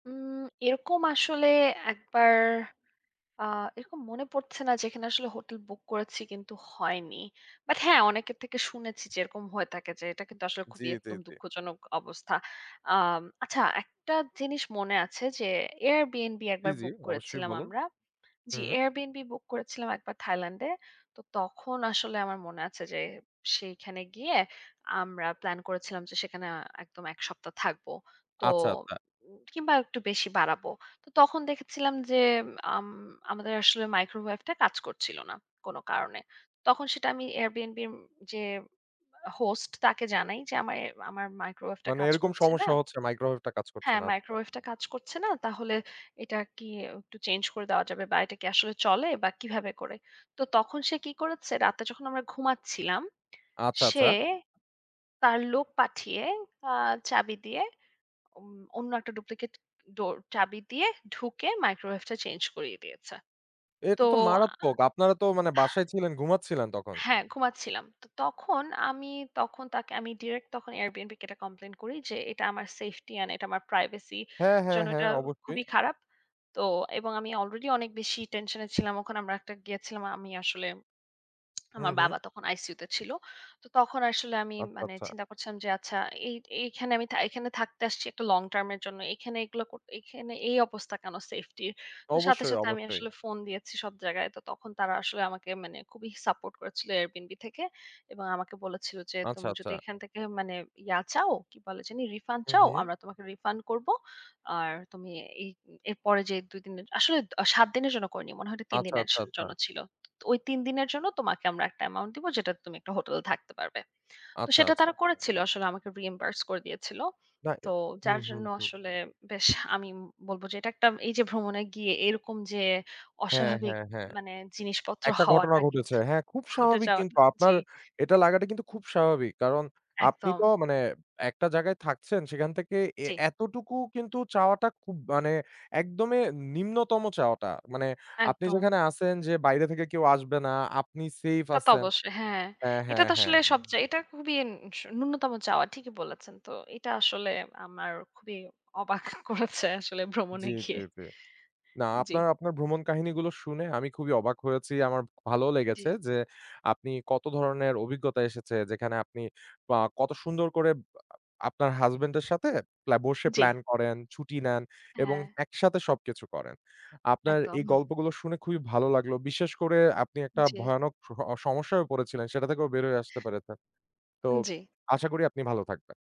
উম এরকম আসলে একবার আ এরকম মনে পড়ছে না যেখানে আসলে হোটেল বুক করেছি, কিন্তু হয়নি। বাট হ্যাঁ, অনেকের থেকে শুনেছি যে এরকম হয়ে থাকে, যে এটা কিন্তু আসলে জি, খুবই জি, একদম জি। দুঃখজনক অবস্থা। আম আচ্ছা, একটা জিনিস মনে আছে যে Airbnb জি, একবার জি। বুক অবশ্যই করেছিলাম বলুন। আমরা। জি, হুম। Airbnb বুক করেছিলাম একবার থাইল্যান্ডে। তো তখন আসলে আমার মনে আছে যে সেখানে গিয়ে আমরা প্ল্যান করেছিলাম যে সেখানে আ একদম ১ সপ্তাহ থাকবো, তো আচ্ছা, আচ্ছা। উম কিংবা একটু বেশি বাড়াবো। তো তখন দেখেছিলাম যে আম আমাদের আসলে মাইক্রোওয়েভটা কাজ করছিল না কোন কারণে। তখন সেটা আমি Airbnb র যে আ হোস্ট, তাকে জানাই যে আমার এ আমার মাইক্রোওয়েভটা মানে, কাজ এরকম করছে না। সমস্যা হচ্ছে। মাইক্রোওয়েভটা কাজ করছে হ্যাঁ, না। আচ্ছা। মাইক্রোওয়েভটা কাজ করছে না। তাহলে এটা কি অ একটু চেঞ্জ করে দেওয়া যাবে? বা, এটা কি আসলে চলে? বা, কিভাবে করে? তো, তখন সে কি করেছে? রাতে যখন আমরা ঘুমাচ্ছিলাম, আচ্ছা, সে আচ্ছা। তার লোক পাঠিয়ে আ চাবি দিয়ে, অম অন্য একটা duplicate door চাবি দিয়ে ঢুকে মাইক্রোওয়েভটা চেঞ্জ করিয়ে দিয়েছে। এ তো, এটা তো আ মারাত্মক! আপনারা তো মানে হা বাসায় ছিলেন, ঘুমাচ্ছিলেন তখন। হ্যাঁ, ঘুমাচ্ছিলাম। তো তখন আমি তখন তাকে আমি ডিরেক্ট তখন Airbnb কে এটা কমপ্লেইন করি যে, এটা আমার সেফটি অ্যান্ড এটা আমার প্রাইভেসির হ্যাঁ, হ্যাঁ, জন্য হ্যাঁ। এটা অবশ্যই। খুবই খারাপ। তো এবং আমি আলরেডি অনেক বেশি টেনশনে ছিলাম। ওখানে আমরা একটা গিয়েছিলাম আমি আসলে হু, আমার হু। বাবা তখন আইসিইউতে ছিল। তো তখন আসলে আমি আচ্ছা মানে ,আচ্ছা। চিন্তা করছিলাম যে, আচ্ছা এই এই এখানে আমি থা এখানে থাকতে আসছি একটু long term এর জন্য। এখানে এগুলো কর এখানে এই অবস্থা কেন সেফটির? তো সাথে, অবশ্যই, সাথে আমি অবশ্যই। আসলে ফোন দিয়েছি সব জায়গায়। তো তখন তারা আসলে আমাকে মানে খুবই সাপোর্ট করেছিল Airbnb থেকে। এবং আমাকে বলেছিল যে, আচ্ছা, তুমি যদি আচ্ছা। এখান থেকে মানে ইয়া চাও, কি বলে জানি? যে রিফান্ড হু, চাও, হু। আমরা তোমাকে রিফান্ড করবো। আর তুমি এই এরপরে যে ২, ৩ দিন আসলে সা ৭ দিনের জন্য করিনি। মনে হয় যে ৩ আচ্ছা, দিনের জ আচ্ছা, আচ্ছা। জন্য ছিল। ওই ৩ দিনের জন্য তোমাকে আমরা একটা অ্যামাউন্ট দিব, যেটা তুমি একটা হোটেলে থাকতে পারবে। তো আচ্ছা, সেটা আচ্ছা। তারা করেছিল, আসলে আমাকে reimburse করে দিয়েছিল। না, এ তো হুম, যার হুম, জন্য হুম। আসলে বেশ আমি বলবো যে এটা একটা এইযে ভ্রমণে গিয়ে এরকম যে হ্যাঁ, অস্বাভাবিক হ্যাঁ, হ্যাঁ। মানে জিনিসপত্র একটা ঘটনা হওয়াটা কিন্তু ঘটেছে। হ্যাঁ, খুব ঘটে স্বাভাবিক, কিন্তু যাওয়াটা জি। আপনার এটা লাগাটা কিন্তু খুব স্বাভাবিক। কারণ, আপনি তো একদম। মানে একটা জায়গায় থাকছেন, সেখান থেকে এ জি। এতটুকু কিন্তু চাওয়াটা খুব মানে একদমই নিম্নতম চাওয়াটা। মানে আপনি একদম। যেখানে আছেন যে বাইরে থেকে কেউ আসবে না, আপনি সেফ তা তো আছেন। অবশ্যই। হ্যাঁ, হ্যাঁ, এটা হ্যাঁ, তো হ্যাঁ, আসলে হ্যাঁ। সব যায় এটা খুবই স ন্যূনতম চাওয়া। ঠিকই বলেছেন। তো এটা আসলে আমার খুবই অবাক করেছে আসলে জি, ভ্রমণে জি, গিয়ে! জি। না, জি। আপনার আপনার ভ্রমণ কাহিনীগুলো শুনে আমি খুবই অবাক হয়েছি। আমার ভালও লেগেছে জি। যে, আপনি কত ধরনের অভিজ্ঞতা এসেছে। যেখানে আপনি আ কত সুন্দর করে আ আপনার হাসব্যান্ডের সাথে ব্লা বসে জি। প্ল্যান করেন, ছুটি নেন এবং হ্যাঁ। একসাথে সবকিছু করেন। আপনার একদম। এই গল্পগুলো শুনে খুবই ভালো লাগলো। বিশেষ করে, আপনি একটা জি। ভয়ানক সহ সমস্যায়ও পড়েছিলেন, সেটা থেকেও বের হয়ে আসতে পেরেছেন। তো এন জি। আশা করি, আপনি ভালো থাকবেন।